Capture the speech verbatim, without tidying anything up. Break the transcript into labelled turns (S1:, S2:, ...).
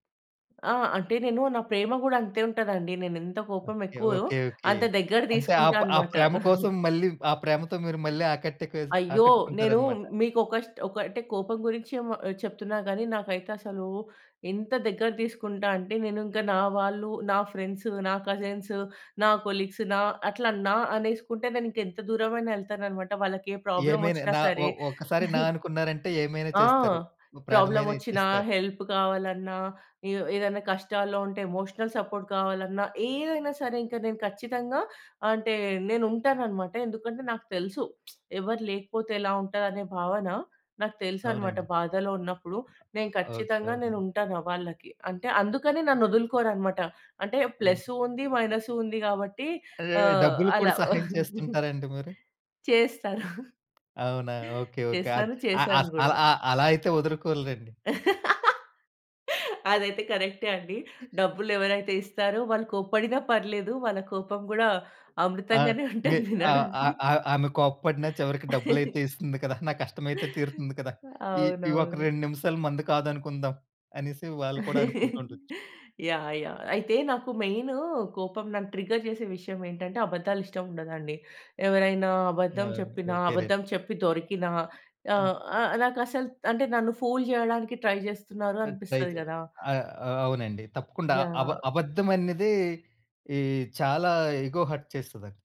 S1: ఆ! అంటే నేను నా ప్రేమ గూడా అంతే ఉంటదండి. నేనేంత కోపం
S2: ఓకే,
S1: ఎక్కువో,
S2: ఓకే, ఓకే.
S1: అంత దగ్గర
S2: అంటే ఆ
S1: తీసుకుంటా
S2: ప ఆ
S1: అనమాట.
S2: ప్రేమ కోసం మళ్ళీ, ఆ ప్రేమతో మీరు మళ్ళీ ఆకట్టుకు
S1: అయ్యో! నేను
S2: ఆకట్టుకుంటారనమాట.
S1: మీకు ఒక స్టో ఒక అంటే కోపం గురించి మ చెప్తున్నా గానీ, నాకైతసలు ఎంత దగ్గర తీసుకుంటా అంటే నేనుంకా నా వాళ్ళు, నా ఫ్రెండ్స్, నా కజిన్స్, నా కొలీగ్స్ నా, అట్లా నా అనేసుకుంటే, నేను ఇంకా ఎంత దూరమైనా యేళ్తానన్నమాట. వాళ్ళకి ఏ
S2: ఏమైనా
S1: ప్రాబ్లమొచ్చినా
S2: నా ఒ
S1: సరే.
S2: ఒక్కసారి నా అనుకున్నారంటే, ఏమైనా
S1: ఆ!
S2: చేస్తారు. ఓ ప్రాణమైనా
S1: ప్రాబ్లమొచ్చినా,
S2: ఇచ్చేస్తారు.
S1: హెల్ప్ కావాలన్నా, ఏ ఏదైనా కష్టాల్లో ఉంటే ఎమోషనల్ సపోర్ట్ కావాలన్నా, ఏదైనా సరే ఇంకా నేను ఖచ్చితంగా అంటే నేనుంటాననమాట. ఎందుకంటే నాకు తెలుసు. ఎవరు లేకపోతే ఎలా ఉంటదనే భావన నాకు తెలుసనమాట.
S2: అవునండి.
S1: బాధలో ఉన్నప్పుడు నేను
S2: ఓకే.
S1: ఖచ్చితంగా
S2: అవునండి.
S1: నేనుంటాను ఆహ్, వాళ్ళకి. అంటే అందుకని నన్నదులుకోరనమాట. అంటే
S2: హ్మ్.
S1: ప్లస్సు ఉంది,
S2: ఉ
S1: మైనస్సు ఉంది. కాబట్టి
S2: అదే!
S1: ఆహ్,
S2: డబ్బులు కూడా
S1: అలా.
S2: సహాయం చేస్తుంటారండి మీరు?
S1: చేస్తారు.
S2: అవునా! ఓకే. ఓకే. అద్
S1: చేస్తాను.
S2: ఆహ్,
S1: చేసాను
S2: ఆస్
S1: గూడా.
S2: అలా అలా అయితే వదులుకోరులెండి.
S1: అదైతే కరెక్టే అండి. డబ్బులెవరైతే ఇస్తారో వాళ్ళు కోప్పడిన పర్లేదు. వాళ్ళ కోపం గూడా
S2: ఆ!
S1: అమృతంగానే
S2: మి
S1: ఉంటది
S2: ఆహ్,
S1: వినడానికి.
S2: ఆహ్, ఆహ్. ఆమె కోప్పడిన చివరికి డబ్బులయితే ఇస్తుంది కదా! నా కష్టమైతే తీరుతుంది కదా! ఈ ఈ ఒక
S1: అవునవును.
S2: రెండు నిమిషాలు మనది కాదనుకుందాం. అనేసి వాళ్ళు కూడా అనుకుంటా ఉండొచ్చు.
S1: యాహ్! యాహ్! అయితే నాకు మెయినూ కోపం నన్ను ట్రిగ్గర్ చేసే విషయమేంటంటే, అబద్దాలు ఇష్టముండదండి. ఎవరైనా
S2: ఆ!
S1: అబద్ధం
S2: అండి.
S1: చెప్పినా,
S2: ఓకేలేండి.
S1: అబద్ధం చెప్పి దొరికినా
S2: అద్
S1: ఆహ్, ఆహ్, నాకసలు అంటే నన్ను ఫూల్ చేయడానికి ట్రై చేస్తున్నారు
S2: అట్
S1: అనిపిస్తది
S2: అయితే
S1: గదా!
S2: ఆ! ఆ! అవునండి. తప్పకుండా అబ
S1: యాహ్!
S2: అబద్ధం అన్నదే, ఈ చాలా ఇగో హర్ట్ చేస్తదండి.